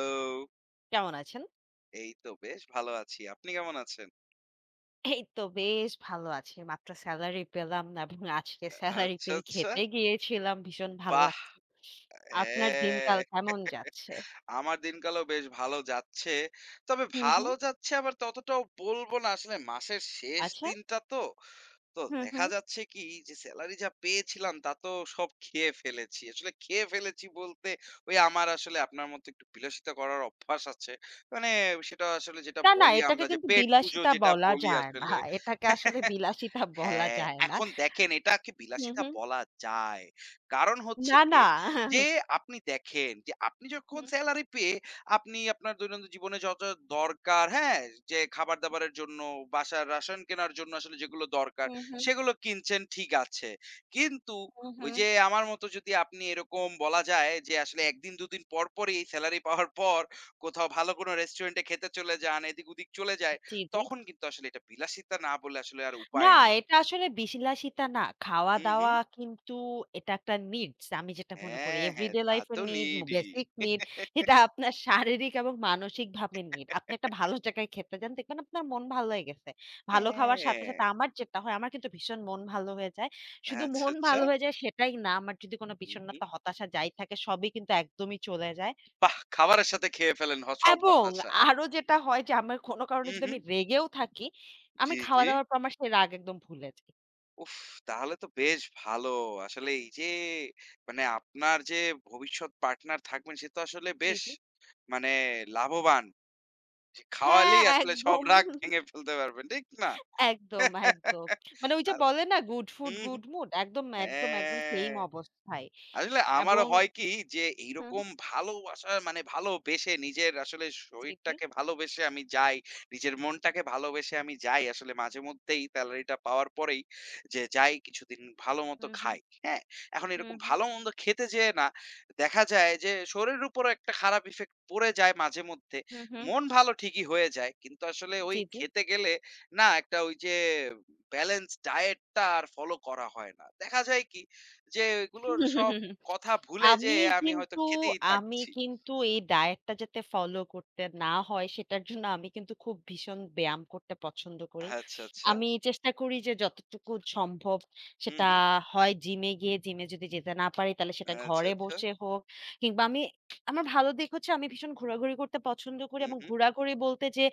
Hello! কেমন আছেন? এই তো বেশ ভালো আছি। আপনি কেমন আছেন? এই তো বেশ ভালো আছি। মাত্র সেলারি পেলাম এবং আজকে অ্যা সেলারি আচ্ছা, পেয়েই আচ্ছা? খেতে গিয়েছিলাম। ভীষণ ভালো বাহ! লাগছে। অ্যা আপনার হ্যাঁ, দিনকাল কেমন যাচ্ছে? আমার দিনকালও বেশ ভালো যাচ্ছে। তবে হু, ভালো হু। যাচ্ছে আবার ততটাও বলব না। আসলে মাসের শেষ আচ্ছা। দিনটা তো। তো হু, দেখা হু। যাচ্ছে কি যে, সেলারি যা পেয়েছিলাম তা তো সব খেয়ে ফেলেছি। আসলে খেয়ে ফেলেছি বলতে ওই আমার আসলে আপনার মতো একটু বিলাসিতা করার অভ্যাস আছে। মানে সেটা আসলে যেটা না, না বলি এটাকে আমরা যে কিন্তু পেট পুজো বিলাসিতা যেটা বলা বলি যায় না। আসলে। এটাকে আসলে বিলাসিতা বলা হ্যাঁ, যায় না। এখন দেখেন এটাকে হু, বিলাসিতা হু। বলা যায়। কারণ হচ্ছে না, না। গিয়ে যে আপনি দেখেন যে, আপনি যখন হুম। সেলারি পেয়ে আপনি আপনার দৈনন্দিন জীবনে যত দরকার হ্যাঁ? যে খাবার-দাবারের জন্য বাসায় রাসন কেনার জন্য আসলে যেগুলো দরকার। হুম, হুম। সেগুলো কিনছেন ঠিক আছে। কিন্তু হুম, ওই হুম। যে, আমার মত যদি আপনি এরকম বলা যায় যে আসলে ১ দিন ২ দিন পর, পরই সেলারি পাওয়ার পর কোথাও ভালো কোনো রেস্টুরেন্টে খেতে চলে যান, এদিক-ওদিক চলে যায় জি, জি। তখন কিন্তু আসলে এটা বিলাসিতা না বলে আসলে আর না, উপায় নেই। এটা আসলে বিলাসিতা না। হু, হু। খাওয়া-দাওয়া কিন্তু এটা একটা নিডস। আমি যেটা মনে করি হ্যাঁ, হ্যাঁ, এভরিডে তা লাইফ তো এর নিড, নিডই। বেসিক নিড এটা আপনার শারীরিক এবং মানসিক ভাবে নিড। আপনি একটা ভালো জায়গায় খেতে যান। দেখবেন আপনার মন ভালো হয়ে গেছে। ভালো খাওয়ার সাথে, হ্যাঁ। সাথে আমার যেটা হয় আমার কিন্তু ভীষণ মন ভালো হয়ে যায়। শুধু আচ্ছা, মন আচ্ছা। ভালো হয়ে যায় সেটাই না। আমার যদি কোনো উ হু। বিষণ্নতা হতাশা যাই থাকে সবই কিন্তু একদমই চলে যায় বাহ! খাবারের সাথে খেয়ে ফেলেন হ সব এবং হতাশা। আরো যেটা হয় যে আমার কোনো কারণে হু, যদি আমি হু। রেগেও থাকি আমি জি, জি। খাওয়া-দাওয়ার পর আমার সেই রাগ একদম ভুলে যাই। উফ! তাহলে তো বেশ ভালো। আসলে এই যে মানে আপনার যে ভবিষ্যৎ পার্টনার থাকবেন সে তো আসলে জি, বেশ জি। মানে লাভবান। যে হ্যাঁ খাওয়ালেই আসলে সব একদম। রাগ ভেঙে ফেলতে পারবেন, ঠিক না? একদম, একদম। মানে ওই যে আর বলে না গুড হু, ফুড, হু। গুড মুড একদম একদম একদম সেম হ্যাঁ। অবস্থায় আসলে আমারও এবং হয় কি যে হু, হু। এইরকম ভালোবাসা মানে ভালোবেসে নিজের আসলে জি, জি। শরীরটাকে ভালোবেসে আমি যাই, নিজের মনটাকে ভালোবেসে আমি যাই আসলে মাঝেমধ্যেই সেলারি টা পাওয়ার পরেই যে যাই কিছুদিন ভালো মতো হু, হু। খাই। হ্যাঁ এখন হুম, এরকম হুম। ভালো-মন্দ খেতে যেয়ে না, দেখা যায় যে শরীরের উপরও একটা খারাপ ইফেক্ট পড়ে যায় মাঝে মধ্যে। হু, হু। মন ভালো ঠিকই হয়ে যায়। কিন্তু আসলে ঐ জি, জি। খেতে গেলে না একটা ওই যে, বেলেন্স ডায়েটটা আর ফলো করা হয় না। দেখা যায় কি যে এগুলো সব কথা ভুলে আমি যেয়ে আমি হয়তো কিন্তু খেতেই আমি থাকছি। কিন্তু এই ডায়েটটা যাতে ফলো করতে না হয় সেটার জন্য আমি কিন্তু খুব ভীষণ ব্যায়াম করতে পছন্দ করি। আচ্ছা, আচ্ছা। আমি চেষ্টা করি যে যতটুকু সম্ভব হু, সেটা হু। হয় জিমে গিয়ে জিমে যদি যেতে না পারি তাহলে সেটা আচ্ছা, ঘরে আচ্ছা। বসে হোক কিংবা আমি আমার ভালো দিক হচ্ছে আমি ভীষণ ঘোরাঘুরি করতে পছন্দ করি হু, এবং হু। ঘোরাঘুরি বলতে যে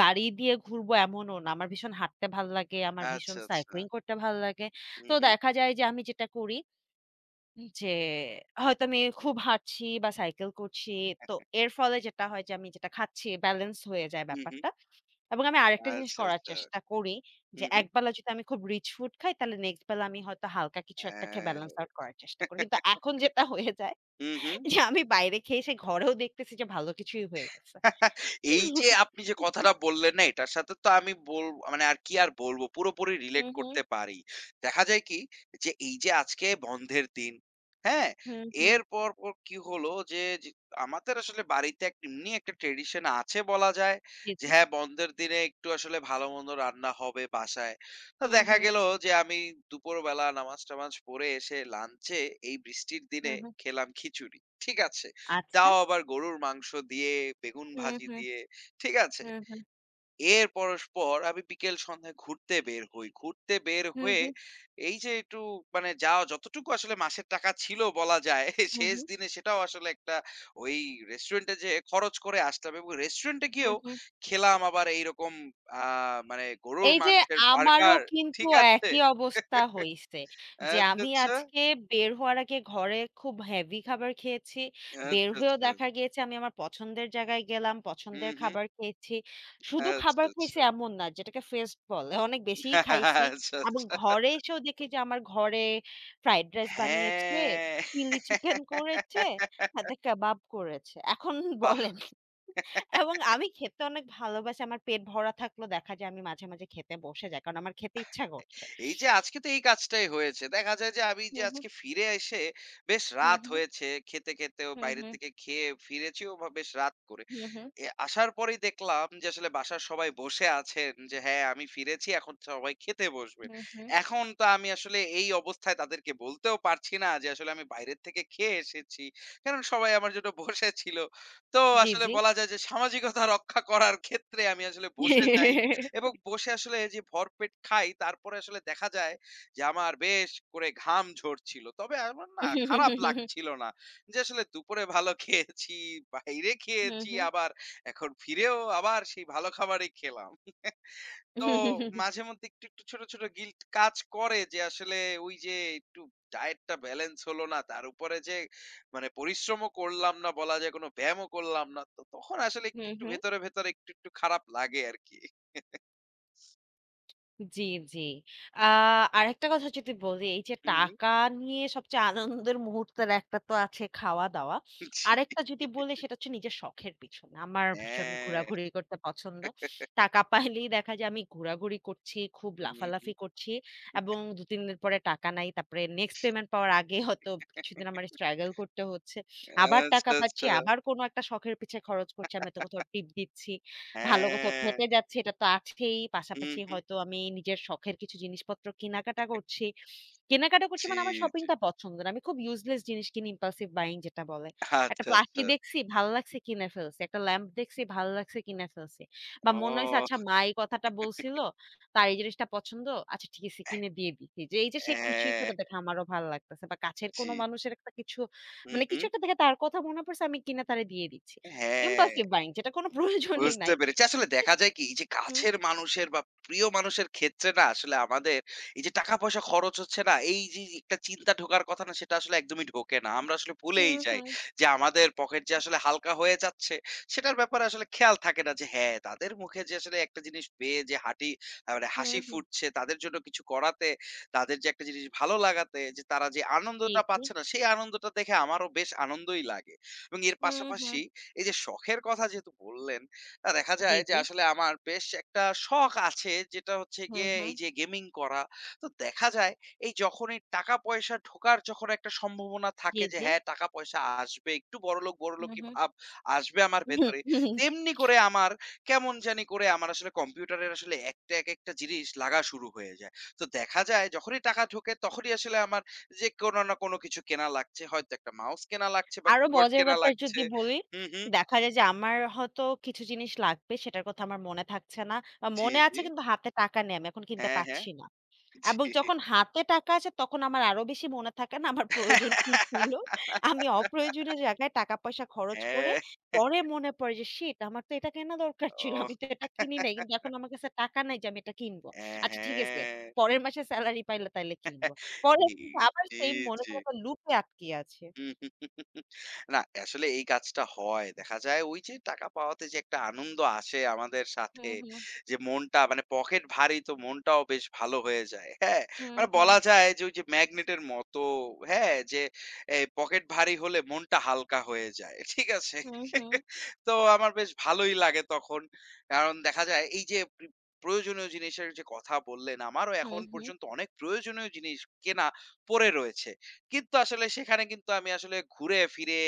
গাড়ি দিয়ে ঘুরবো এমনও না। আমার ভীষণ হাঁটতে ভাল লাগে। আমার ভীষণ আচ্ছা, সাইক্লিং আচ্ছা। করতে ভালো লাগে। হু, তো হু। দেখা যায় যে, আমি যেটা করি উম যে হয়তো আমি খুব হাঁটছি বা সাইকেল করছি। তো এর ফলে যেটা হয় যে, আমি যেটা খাচ্ছি বেলেন্স হয়ে যায় হু, হু। ব্যাপারটা। এবং আমি আরেকটা জিনিস আচ্ছা, করার আচ্ছা। চেষ্টা করি হু, যে, হু। একবেলা যদি আমি খুব রিচ ফুড খাই তাহলে নেক্সট বেলা আমি হয়তো হালকা কিছু একটা খেয়ে হ্যাঁ। বেলেন্স আউট করার চেষ্টা করি। কিন্তু এখন যেটা হয়ে যায় হু, হু। যে আমি বাইরে খেয়ে এসে ঘরেও দেখতেছি যে ভালো কিছুই হয়ে গেছে। এই যে আপনি যে কথাটা বললেন না এটার সাথে তো আমি বল আ মানে আরকি আর বলবো পুরোপুরি রিলেট হুম, হুম। করতে পারি। দেখা যায় কি যে এই যে আজকে বন্ধের দিন। হ্যাঁ, হুম, হুম। এর পরপর কি হলো যে, যে আমাদের আসলে বাড়িতে এক এমনি একটা ট্র্যাডিশন আছে বলা যায়। জি, যে জি। হ্যাঁ, বন্ধের দিনে একটু আসলে ভালো-মন্দ রান্না হবে বাসায়। তো হুম, দেখা হুম। গেল যে, আমি দুপুরবেলা নামাজ-টামাজ পড়ে এসে লাঞ্চে এই বৃষ্টির দিনে হুম, হুম। খেলাম খিচুড়ি। ঠিক আছে। আচ্ছা। তাও আবার গরুর মাংস দিয়ে বেগুন হুম, ভাজি হুম। দিয়ে, ঠিক আছে। হুম, হুম। এর পরস্পর আমি বিকেল সন্ধ্যায় ঘুরতে বের হই। ঘুরতে বের হু, হয়ে হু। এই যে একটু মানে যা যতটুকু আসলে মাসের টাকা ছিল বলা যায় হু, শেষ হু। দিনে সেটাও আসলে একটা ওই রেস্টুরেন্টে যেয়ে খরচ করে আসতে হবে এবং রেস্টুরেন্ট এ হুম, গিয়েও হুম। খেলাম আবার এইরকম আ মানে গরুর এই যে মাংসের আমারও বার্গার কিন্তু ঠিক আছে। একই অবস্থা হইছে যে আচ্ছা, আমি আচ্ছা। আজকে বের হওয়ার আগে ঘরের খুব হেভি খাবার খেয়েছি। বের আচ্ছা, হয়েও আচ্ছা। দেখা গিয়েছে আমি আমার পছন্দের জায়গায় গেলাম। হু, পছন্দের হু। খাবার খেয়েছি। শুধু আচ্ছা, খাবার আচ্ছা। খাইছি এমন না যেটাকে ফেস্ট বলে অনেক বেশিই খাইছি। আচ্ছা, এবং আচ্ছা। ঘরে এসেও দেখি যে আমার ঘরে ফ্রাইড রাইস বানিয়েছে, হ্যাঁ। চিলি চিকেন করেছে, সাথে কাবাব করেছে। এখন বাহ! বলেন। এবং আমি খেতে অনেক ভালোবাসি। আমার পেট ভরা থাকলে দেখা যায় আমি মাঝে, মাঝে খেতে বসে যাই। কারণ আমার খেতে ইচ্ছা করছে। এই যে আজকে তো এই কাজটাই হয়েছে। দেখা যায় যে আমি যে, হুম, হুম। আজকে ফিরে এসে বেশ হুম, রাত হুম। হয়েছে খেতে খেতেও হুম, বাইরে হুম। থেকে খেয়ে ফিরেছিও বা বেশ রাত করে। হুম, হুম। এ আসার পরেই দেখলাম যে আসলে বাসার সবাই বসে আছেন যে হ্যাঁ আমি ফিরেছি এখন সবাই খেতে বসবে। হু, হু। এখন তো আমি আসলে এই অবস্থায় তাদেরকে বলতেও পারছি না যে আসলে আমি বাইরের থেকে খেয়ে এসেছি। কারণ সবাই আমার জন্য বসে ছিল। তো জ্বী, আসলে জ্বী। বলা যায় যে, সামাজিকতা রক্ষা করার ক্ষেত্রে আমি আসলে বসে যাই এবং বসে আসলে এই যে ভরপেট খাই তারপরে আসলে দেখা যায় যে আমার বেশ করে ঘাম ঝরছিল। তবে আমার না খারাপ লাগছিল না। যে আসলে দুপুরে ভালো খেয়েছি, বাইরে হুম, খেয়েছি হুম। আবার এখন ফিরেও আবার সেই ভালো খাবারই খেলাম। তো মাঝে মধ্যে একটু, একটু ছোট, ছোট গিল্ট কাজ করে যে আসলে ওই যে একটু ডায়েটটা বেলেন্স হল না। তার উপরে যে মানে পরিশ্রমও করলাম না বলা যায় কোনো ব্যায়ামও করলাম না। তো তখন আসলে একটু, হুম, একটু হুম। ভেতরে, ভেতরে একটু, একটু খারাপ লাগে আরকি। জ্বি, জ্বি। আহ আরেকটা কথা যদি বলি এই যে হু, হু। টাকা নিয়ে সবচেয়ে আনন্দের মুহূর্তের একটা তো আছে খাওয়া-দাওয়া। জ্বি। আরেকটা যদি বলি সেটা হচ্ছে নিজের শখের পিছনে। আমার ভীষণ অ্যা ঘুরাঘুরি করতে পছন্দ। টাকা পাইলেই দেখা যায় আমি ঘোরাঘুরি করছি, খুব উম হুম। লাফালাফি করছি। এবং ২-৩ দিন পরে টাকা নাই। তারপরে নেক্সট পেমেন্ট পাওয়ার আগে হয়তো কিছুদিন আমার স্ট্রাগল করতে হচ্ছে। আবার টাকা আচ্ছা, পাচ্ছি, আচ্ছা। আবার কোন একটা শখের পিছে খরচ করছে। আমি হয়তো কোথাও টিপ দিচ্ছি। ভালো কোথাও হ্যাঁ। খেতে যাচ্ছি এটা তো আছেই হু, পাশাপাশি হু। হয়তো আমি নিজের শখের কিছু জিনিসপত্র কিনাকাটা করছি। কেনাকাটা করছি জ্বি, মানে আমার জ্বি। শপিংটা পছন্দের। আমি খুব ইউজলেস জিনিস কিনি impulsive buying যেটা বলে। একটা আচ্ছা, প্লাকি আচ্ছা। দেখছি, ভাল্লাগছে কিনে ফেলছি। একটা ল্যাম্প দেখছি ভাল্লাগছে কিনে ফেলছি। বা মনে হইছে অহ আচ্ছা মা এই কথাটা বলছিল তার এই জিনিসটা পছন্দ। আচ্ছা ঠিক আছে কিনে দিয়ে দিছি। এই যে সে খুশি হ্যাঁ। হইছে দেখে আমারও ভাল লাগতেছে। বা কাছের কোন জ্বি। মানুষের একটা কিছু হু, মানে কিছু হু। একটা দেখে তার কথা মনে পড়ছে আমি কিনে তারে দিয়ে দিচ্ছি। হ্যাঁ। impulsive buying যেটা কোন প্রয়োজনই বুঝতে নাই। পেরেছি। আসলে দেখা যায় কি এই যে হুহ। কাছের মানুষের বা প্রিয় মানুষের ক্ষেত্রে না আসলে আমাদের এই যে টাকা পয়সা খরচ হচ্ছে না এই যি যি একটা চিন্তা ঢোকার কথা না সেটা আসলে একদমই ঢোকে না। আমরা আসলে হু, ভুলেই যাই হু। যে আমাদের পকেট যে আসলে হালকা হয়ে যাচ্ছে সেটার ব্যাপারে আসলে খেয়াল থাকে না যে হ্যাঁ তাদের মুখে যে আসলে একটা জিনিস পেয়ে যে হাটি আ মানে হু, হাসি হু। ফুটছে তাদের জন্য কিছু করাতে, তাদের যে একটা জিনিস ভালো লাগাতে যে তারা যে জ্বী আনন্দটা জ্বী। পাচ্ছে না সেই আনন্দটা দেখে আমারও বেশ আনন্দই লাগে। এবং এর হুম, হুম। পাশাপাশি এই যে শখের কথা যেহেতু বললেন তা দেখা জ্বী, যায় যে জ্বী। আসলে আমার বেশ একটা শখ আছে যেটা হচ্ছে হু, গিয়ে এই হু। যে গেমিং করা। তো দেখা যায় এই যখনই টাকা পয়সা ঢোকার যখন একটা সম্ভাবনা জি, থাকে যে জি। হ্যাঁ টাকা পয়সা আসবে একটু বড়লোক হু, বড়োলোকই হু। ভাব আসবে আমার ভেতরে তেমনি করে আমার কেমন জানি করে আমার আসলে কম্পিউটারের আসলে ১ টা একেকটা জিনিস লাগা শুরু হয়ে যায়। তো দেখা যায় যখনই টাকা ঢোকে তখনই আসলে আমার যে কোন না কোন কিছু কেনা লাগছে, হয়তো ১ টা মাউস কেনা লাগছে বা আরো কিবোর্ড মজার কেনা ব্যাপার লাগছে। যদি বলি হু, হু। দেখা যায় যে আমার হয়তো কিছু জিনিস লাগবে সেটার কথা আমার মনে থাকছে না। বা জ্বি, মনে আছে জ্বি। কিন্তু হাতে টাকা নেই আমি এখন কিনতে হ্যাঁ, হ্যাঁ। পারছি না। এবং জ্বি। যখন হাতে টাকা আসে তখন আমার আরো বেশি মনে থাকে না আমার প্রয়োজন কি ছিল। আমি অপ্রয়োজনীয় জায়গায় টাকা পয়সা খরচ করে হ্যাঁ। পরে মনে পড়ে যে শিট আমার তো এটা কেনা দরকার ছিল। অহ আমি তো এটা কিনি নাই। কিন্তু এখন আমার কাছে টাকা নাই যে আমি এটা কিনব। এহ আচ্ছা ঠিক আছে, হ্যাঁ। পরের মাসে সেলারি পাইলে তাইলে কিনব। পরে এই কিন্তু আবার জ্বি, সেইম মনে জ্বি। করে আবার লুপে আটকিয়ে আছে। না আসলে এই কাজটা হয়। দেখা যায় ওই যে টাকা পাওয়াতে যে একটা আনন্দ আসে আমাদের হু, সাথে হু। যে মনটা মানে পকেট ভারী তো মনটাও বেশ ভালো হয়ে যায়। হ্যাঁ হুম, মানে হু। বলা যায় যে ওই যে ম্যাগনেটের মতো হ্যাঁ যে এই পকেট ভারী হলে মনটা হালকা হয়ে যায়। ঠিক আছে। হু, হু। তো আমার বেশ ভালোই লাগে তখন। কারণ দেখা যায় এই যে প প্রয়োজনীয় জিনিসের যে কথা বললেন আমারও হুম, এখন হুম। পর্যন্ত অনেক প্রয়োজনীয় জিনিস কেনা পড়ে রয়েছে। কিন্তু আসলে সেখানে কিন্তু আমি আসলে ঘুরে ফিরে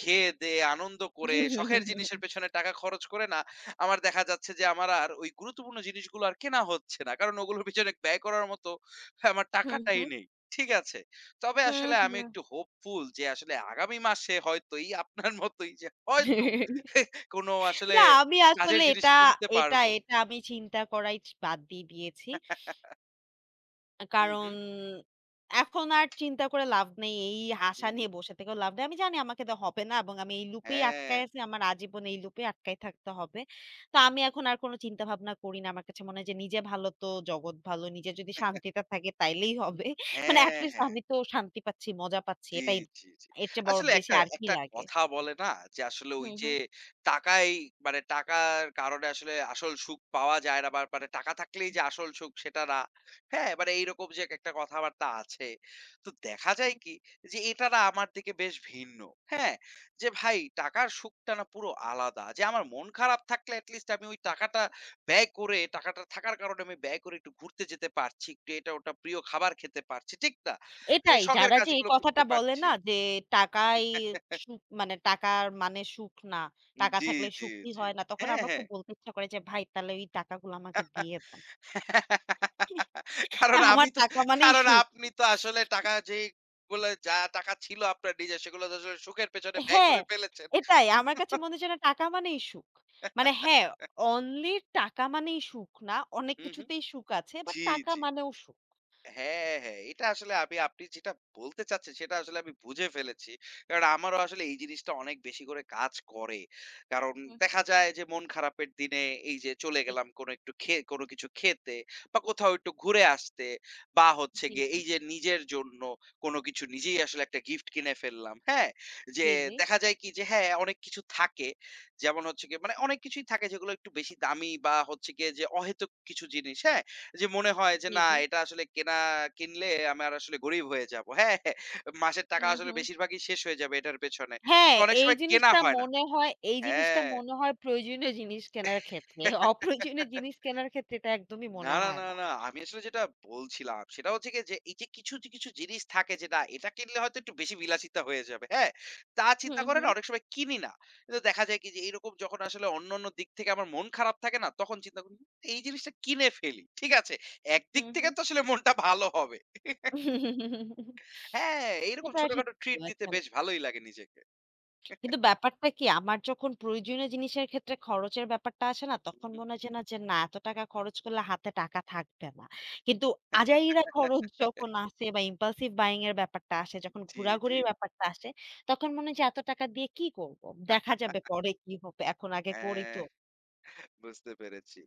খেয়ে-দেয়ে আনন্দ করে শখের জিনিসের পেছনে টাকা খরচ করে না আমার দেখা যাচ্ছে যে আমার আর ওই গুরুত্বপূর্ণ জিনিসগুলো আর কেনা হচ্ছে না। কারণ ওগুলোর পিছনে ব্যয় করার মত আমার হুহ, টাকাটাই হু। নেই। ঠিক আছে? তবে হু, আসলে আমি হু। একটু হোপফুল যে আসলে আগামী মাসে হয়তো এই আপনার মতই যে হয়তো এহ কোনো আসলে না আমি আসলে কাজের জিনিস এটা কিনতে এটা পারবো। এটা আমি চিন্তা করাই বাদ দিয়ে দিয়েছি। আ হু, কারণ, হু। এখন আর চিন্তা করে লাভ নেই। এই হু, আশা হু। নিয়ে বসে থেকেও লাভ নেই। আমি জানি আমাকে দে হবে না। এবং আমি এই লুপেই আটকায় হ্যাঁ। আছি। আমার আজীবন এই লুপেই আটকায় থাকতে হবে। তা আমি এখন আর কোন চিন্তা-ভাবনা করি না। আমার কাছে মনে হয় যে নিজে ভালো তো, জগৎ ভালো। নিজের যদি শান্তিটা থাকে তাইলেই হবে। মানে হ্যাঁ, এট-লিস্ট হ্যাঁ। আমি তো শান্তি পাচ্ছি, মজা পাচ্ছি। জ্বী, এটাই, জ্বী, জ্বী। এর চেয়ে আসলে বেশি একটা আর কি একটা লাগে? কথা বলে না? যে আসলে ওই হুম, যে হুম। টাকাই মানে, টাকার কারণে আসলে আসল সুখ পাওয়া যায় না, বা মানে টাকা থাকলেই হু। যে আসল সুখ, সেটা না। হ্যাঁ, মানে এইরকম যে এক একটা কথাবার্তা আছে। তো দেখা যায় হু। কি যে, এটা না আমার দিকে বেশ ভিন্ন। হ্যাঁ? যে ভাই, টাকার সুখটা না পুরো আলাদা যে আমার মন খারাপ থাকলে এট লিস্ট আমি ওই টাকাটা ব্যয় করে টাকাটা থাকার কারণে আমি ব্যয় করে একটু ঘুরতে যেতে পারছি। একটু এটা ওটা প্রিয় খাবার খেতে পারছি, ঠিক না? যে এটাই। শখের যারা যে এই কাজগুলো করতে কথাটা বলে পারছি। না যে, "টাকাই সুখ মানে টাকার মানে সুখ না। টাকা জ্বী, থাকলে জ্বী, সুখী জ্বী। হয় না।" তখন হ্যাঁ, আমার হ্যাঁ। খুব বলতে ইচ্ছা করে যে, "ভাই তাহলে ওই টাকাগুলো আমাকে দিয়ে দেন।" কারণ আমার আমি তো, টাকা মানেই কারণ সুখ। আপনি তো আসলে টাকা যেগুলো যা টাকা ছিল আপনার নিজের, সেগুলো তো আসলে সুখের পেছনে ব্যয় হ্যাঁ, করে ফেলেছেন। এটাই আমার কাছে মনে হয় যেন, টাকা মানেই সুখ। মানে হ্যাঁ, অনলি টাকা মানেই সুখ না, অনেক হু, হু। কিছুতেই সুখ আছে। বাট, জ্বী, টাকা জ্বী। মানেও সুখ। হ্যাঁ, হ্যাঁ। এটা আসলে আমি আপনি যেটা বলতে চাচ্ছেন সেটা আসলে আমি বুঝে ফেলেছি। কারণ আমারও আসলে এই জিনিসটা অনেক বেশি করে কাজ করে। কারণ হু, হু। দেখা যায় যে মন খারাপের দিনে, এই যে চলে জ্বী। গেলাম কোনো একটু খে কোনো কিছু খেতে বা কোথাও একটু ঘুরে আসতে, বা হচ্ছে জ্বী, গিয়ে জ্বী। এই যে নিজের জন্য কোন কিছু নিজেই আসলে একটা গিফট কিনে ফেললাম। হ্যাঁ? যে জ্বী, জ্বী। দেখা যায় কি যে হ্যাঁ, অনেক কিছু থাকে। যেমন হচ্ছে গিয়ে, মানে অনেক কিছুই থাকে যেগুলো একটু বেশি দামি বা হচ্ছে গিয়ে যে অহেতুক কিছু জিনিস, হ্যাঁ? যে মনে হয় যে জ্বী, না জ্বী। এটা আসলে কেনা কিনলে, আমি আর আসলে গরিব হয়ে যাবো। হ্যাঁ, মাসের টাকা হুম, আসলে হুম। বেশিরভাগই শেষ হয়ে যাবে, এটার পেছনে। হ্যাঁ, তো, অনেক এই সময় কেনা জিনিসটা হয় না। মনে হয় এই জিনিসটা হ্যাঁ। মনে হয় প্রয়োজনীয় জিনিস, কেনার ক্ষেত্রে অপ্রয়োজনীয় জিনিস কেনার ক্ষেত্রে এটা একদমই না, মনে না, হয় না, না। না আমি আসলে যেটা বলছিলাম, সেটা হচ্ছে গিয়ে যে এই যে কিছু, কিছু জিনিস থাকে যে না এটা কিনলে হয়তো একটু বেশি বিলাসিতা হয়ে যাবে। হ্যাঁ? তা হু, চিন্তা করে না হু। অনেক সময় কিনি না। কিন্তু দেখা যায় কি যে এইরকম যখন আসলে অন্যান্য দিক থেকে আমার মন খারাপ থাকে না, তখন চিন্তা করি এই জিনিসটা কিনে ফেলি। ঠিক আছে? একদিক হুম, থেকে হুম। তো আসলে মনটা ভালো হবে। হ্যাঁ, এই রকম এটা ঠিক ছোটখাটো ট্রিট দিতে বলেছেন। বেশ ভালোই লাগে নিজেকে। কিন্তু ব্যাপারটা কি, আমার যখন প্রয়োজনীয় জিনিসের ক্ষেত্রে খরচের ব্যাপারটা আসে না? তখন উহু। মনে হয়েছে যে না এত টাকা খরচ করলে হাতে টাকা থাকবে না। কিন্তু আজাইরা খরচ যখন আসে, বা ইমপালসিভ বায়িং এর ব্যাপারটা আসে, যখন জ্বী, জ্বী। ঘোরাঘুরির ব্যাপারটা আসে, তখন মনে হয় যে এত টাকা দিয়ে কি করবো? দেখা যাবে পরে কি হবে, এখন আগে করি তো। হ্যাঁ। বুঝতে পেরেছি।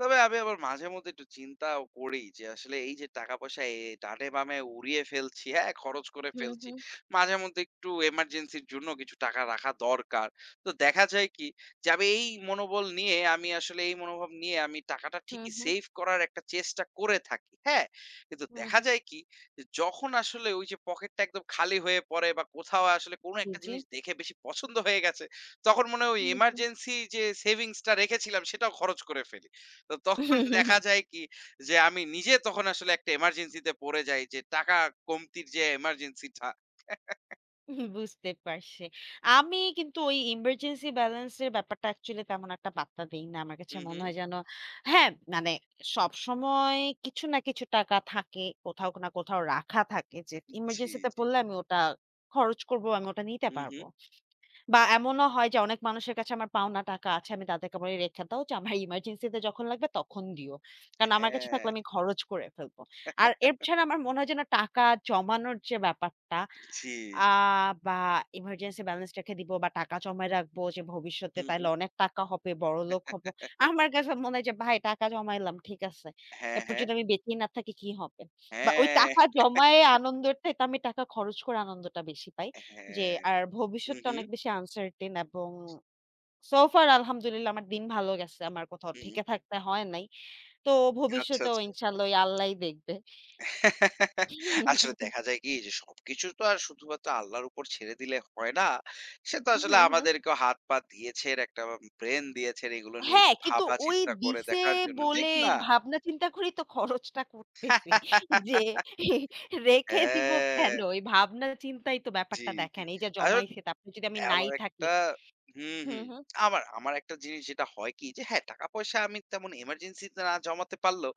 তবে আমি আবার মাঝে মধ্যে একটু চিন্তাও করি যে আসলে এই যে টাকা-পয়সা অ্যা ডানে-বামে উড়িয়ে ফেলছি। হ্যাঁ খরচ করে হুম, ফেলছি। হুম। মাঝেমধ্যে একটু এমার্জেন্সির জন্য কিছু টাকা রাখা দরকার। তো দেখা যায় কি যে আমি এই মনোবল নিয়ে, আমি আসলে এই মনোভাব নিয়ে আমি টাকাটা হু, ঠিকই হু। সেভ করার একটা চেষ্টা করে থাকি। হ্যাঁ? কিন্তু হুম, দেখা হুম। যায় কি যে যখন আসলে ওই যে পকেটটা একদম খালি হয়ে পড়ে বা কোথাও আসলে কোন জ্বী, একটা জ্বী। জিনিস দেখে বেশি পছন্দ হয়ে গেছে, তখন মনে হয়, ওই হু, হু। এমার্জেন্সি যে সেভিংস টা রেখেছিলাম, সেটাও খরচ করে ফেলি। তো তখন দেখা যায় কি যে আমি নিজে তখন আসলে একটা এমার্জেন্সি তে পড়ে যাই যে টাকা কমতির যে এমার্জেন্সি টা। বুঝতে পারছি। আমি কিন্তু ওই ইমার্জেন্সি ব্যালেন্স এর ব্যাপারটা অ্যাকচুয়ালি তেমন একটা পাত্তা দেই না। আমার কাছে হু, মনে হু। হয় যেন হ্যাঁ, মানে সবসময় কিছু না কিছু টাকা থাকে। কোথাও না, কোথাও রাখা থাকে। যে জ্বী, এমার্জেন্সিতে জ্বী। পড়লে আমি ওটা খরচ করবো, আমি ওটা নিতে হু, পারবো হু। বা এমনও হয় যে অনেক মানুষের কাছে আমার পাওনা টাকা আছে, আমি তাদেরকে বলি রেখে দাও। যে আমার এমার্জেন্সি -তে যখন লাগবে তখন দিও। অ্যা কারণ আমার কাছে থাকলে হ্যাঁ। আমি খরচ করে ফেলবো। আর এছাড়া আমার মনে হয় যেন টাকা জমানোর যে ব্যাপারটা, জ্বী। আ বা এমার্জেন্সি ব্যালেন্স রেখে দিবো বা টাকা জমায় রাখবো। যে ভবিষ্যতে হু, হু। তাইলে অনেক টাকা হবে, বড়লোক হব। আমার কাছে মনে হয় যে ভাই টাকা জমাইলাম, ঠিক আছে। হ্যাঁ, এরপর হ্যাঁ। যদি আমি বেঁচেই না থাকি কি হবে? বা ওই হ্যাঁ। টাকা জমায়ে আনন্দের তো আমি টাকা খরচ করে আনন্দটা বেশি পাই। যে হ্যাঁ, আর হু, ভবিষ্যৎ-টা হু। অনেক বেশি আনসার্টেন এবং সো ফার আলহামদুলিল্লাহ, আমার দিন ভাল গেছে। আমার কোথাও হুম। ঠেকে থাকতে হয় নাই। তো আচ্ছা, ভবিষ্যতেও আচ্ছা। ইনশাল্লাহ ওই আল্লাহই দেখবে। আসলে দেখা যায় কি যে সবকিছু তো আর শুধুমাত্র আল্লাহর উপর ছেড়ে দিলে হয় না। সে তো উহু, আসলে হু। আমাদেরকেও হাত-পা দিয়েছে, একটা ব্রেইন দিয়েছে। এগুলো নিয়ে হ্যাঁ, একটু কিন্তু ওই ভাবা-চিন্তা করে দিছে দেখার জন্য। বলে, ঠিক এই না? ভাবনা চিন্তা করেই তো খরচটা করতেছে। যে অ্যা রেখে দিবো হ্যাঁ। কেন? এই ভাবনা চিন্তাই তো জ্বী, ব্যাপারটা জ্বী। দেখায় না। এই যে [unintelligible] অ্যা জমাইছে তারপর যদি আমি নাই আবার থাকি। একটা হুম, হুম, হুম, হুম। আমার আমার একটা জিনিস যেটা হয় কি, যে হ্যাঁ, টাকা পয়সা আমি তেমন এমার্জেন্সি তে না জমাতে পারলেও,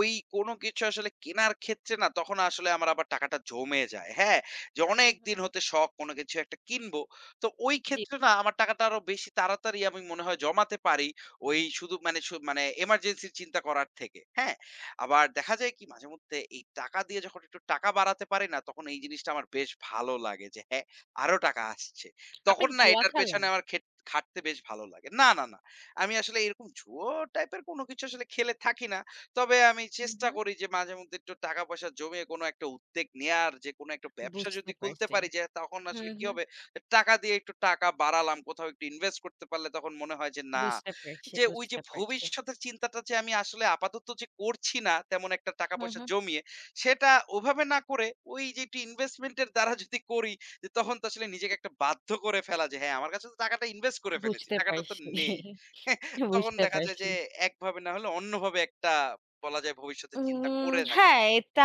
ওই কোন কিছু আসলে কেনার ক্ষেত্রে না, তখন আসলে আমার আবার টাকাটা জমে যায়। হ্যাঁ? যে হুম, হু। অনেকদিন হতে শখ কোন কিছু একটা কিনবো। তো ওই জ্বী। ক্ষেত্রে না আমার টাকাটা আরও বেশি তাড়াতাড়ি আমি মনে হয় জমাতে পারি। ওই শুধু মানে শু মানে এমার্জেন্সি -র চিন্তা করার থেকে। হ্যাঁ? আবার দেখা যায় কি মাঝে-মধ্যে এই টাকা দিয়ে যখন একটু টাকা বাড়াতে পারে না, তখন এই জিনিসটা আমার বেশ ভালো লাগে। যে হ্যাঁ, আরো টাকা আসছে। আপনি তখন কি না জুয়া এটার খেলেন? পেছনে আমার খেট খাটতে বেশ ভালো লাগে। না, না, না। আমি আসলে এরকম জুয়ো টাইপের কোনো কিছু আসলে খেলে থাকি না। তবে আমি হু, চেষ্টা হু। করি যে মাঝে মধ্যে একটু টাকা-পয়সা জমিয়ে, কোন একটা উদ্বেগ নেওয়ার যে কোন একটা ব্যবসা বুঝতে যদি খুলতে পারছি। পারি। যে তখন আসলে হুম, কি হুম। হবে, এ টাকা দিয়ে একটু টাকা বাড়ালাম, কোথাও একটু ইনভেস্ট করতে পারলে তখন মনে হয় যে না। বুঝতে পারছি, যে ওই যে বুঝতে পারছি। ভবিষ্যতের চিন্তাটা যে আমি আসলে আপাতত যে করছি না তেমন একটা হুম, টাকা-পয়সা হুম। জমিয়ে। সেটা ওভাবে না করে ওই যে একটু ইনভেস্টমেন্ট এর দ্বারা যদি করি, তখন তো আসলে নিজেকে একটা বাধ্য করে ফেলা। যে হ্যাঁ, আমার কাছে তো টাকাটা ইনভেস্ট করে ফেলেছি, বুঝতে টাকাটা তো পারছি নেই। তখন বুঝতে দেখা যায় পারছি। যে একভাবে না হলে অন্যভাবে একটা বলা যায় ভবিষ্যতের চিন্তা উম করে থাকি। হ্যাঁ, এটা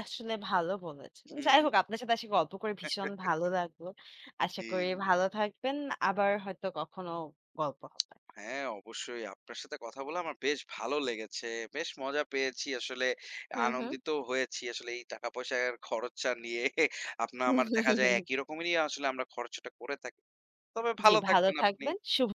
আসলে ভালো বলেছেন। হু, যাই হোক হু। আপনার সাথে আসি গল্প করে ভীষণ ভালো লাগলো। আশা জ্বী, করি জ্বী। ভালো থাকবেন। আবার হয়তো কখনো গল্প হবে। হ্যাঁ, অবশ্যই আপনার সাথে কথা বলে আমার বেশ ভালো লেগেছে। বেশ মজা পেয়েছি আসলে। হুম, হুম। আনন্দিত হয়েছি আসলে এই টাকা-পয়সার খরচা নিয়ে আপনার আমার দেখা যায় একই রকমেরই আসলে আমরা খরচাটা করে থাকি। তবে জ্বী, ভালো ভালো থাকবেন আপনি। থাকবেন, শুভ